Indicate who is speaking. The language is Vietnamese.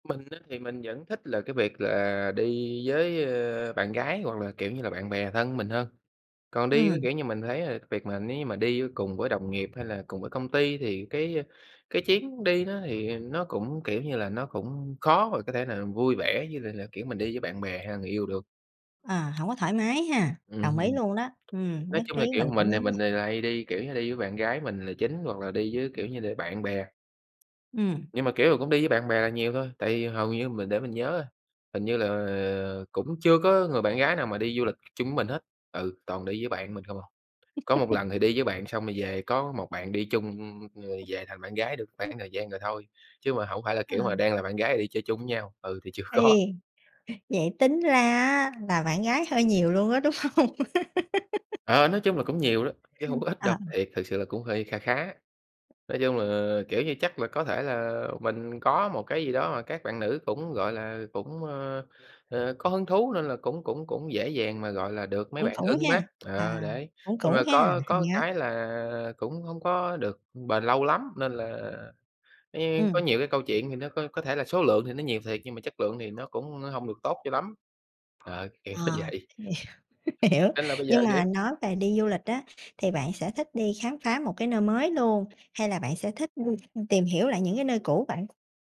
Speaker 1: Mình á thì mình vẫn thích là cái việc là đi với, ơ, bạn gái hoặc là, kiểu như là, bạn bè thân mình hơn. Còn đi với
Speaker 2: Ừm.
Speaker 1: kiểu như mình thấy là việc mà nếu như mà đi á cùng với đồng nghiệp hay là cùng với công ty thì cái, a, cái chuyến đi đó thì nó cũng, kiểu như là, nó cũng khó mà có thể nào vui vẻ với lại là kiểu mình đi với bạn bè, hay là người yêu được.
Speaker 2: À, hổng có thoải mái ha.
Speaker 1: Ừm
Speaker 2: Đồng ý
Speaker 1: hừm.
Speaker 2: luôn đó. Ừm,
Speaker 1: Nói
Speaker 2: nhất
Speaker 1: chung
Speaker 2: trí
Speaker 1: là, kiểu,
Speaker 2: mình
Speaker 1: mình
Speaker 2: cũng
Speaker 1: thì
Speaker 2: giống
Speaker 1: mình
Speaker 2: vậy.
Speaker 1: thì là hay đi, kiểu như, đi với bạn gái mình là chính hoặc là đi với, kiểu như là, bạn bè.
Speaker 2: Ừm.
Speaker 1: Nhưng mà, kiểu, cũng đi với bạn bè là nhiều thôi, tại vì hầu như mình để mình nhớ, hình như là, ờ, cũng chưa có người bạn gái nào mà đi du lịch chung với mình hết, ừ, toàn đi với bạn mình không à. Có một lần thì đi với bạn xong rồi về có một bạn đi chung, ưm, rồi về thành bạn gái được
Speaker 2: [unintelligible]
Speaker 1: khoảng thời gian rồi thôi. Chứ mà hổng phải là
Speaker 2: Ờ.
Speaker 1: kiểu mà đang là bạn gái đi chơi chung với nhau, ừ, thì chưa có.
Speaker 2: Ê. Vậy tính ra á là bạn gái hơi nhiều luôn á, đúng hông?
Speaker 1: Ờ, nói chung là cũng nhiều đó, chứ
Speaker 2: Hừ,
Speaker 1: hông có ít đâu,
Speaker 2: à.
Speaker 1: thiệt, thực sự là cũng hơi kha khá. Nói chung là, kiểu như, chắc là có thể là mình có một cái gì đó mà các bạn nữ cũng, gọi là, cũng, ơ, ờ, có hứng thú nên là cũng cũng cũng dễ dàng mà, gọi là, được mấy
Speaker 2: Cũng
Speaker 1: bạn
Speaker 2: cũng
Speaker 1: ưng mắt,
Speaker 2: ha.
Speaker 1: ờ,
Speaker 2: À,
Speaker 1: đấy.
Speaker 2: cũng
Speaker 1: Nhưng
Speaker 2: cũng
Speaker 1: mà
Speaker 2: ha,
Speaker 1: có có
Speaker 2: [unintelligible] á.
Speaker 1: cái là cũng hông có được bền lâu lắm, nên là, ấy, có
Speaker 2: Ừm.
Speaker 1: nhiều cái câu chuyện thì nó có có thể là số lượng thì nó nhiều thiệt nhưng mà chất lượng thì nó cũng hông được tốt cho lắm. Ờ, kiểu nó
Speaker 2: À.
Speaker 1: vậy.
Speaker 2: Nhiều, hiểu.
Speaker 1: Nên là bây giờ,
Speaker 2: Nhưng mà
Speaker 1: kiểu
Speaker 2: nói về đi du lịch á, thì bạn sẽ thích đi khám phá một cái nơi mới luôn? Hay là bạn sẽ thích đi tìm hiểu lại những cái nơi cũ vậy?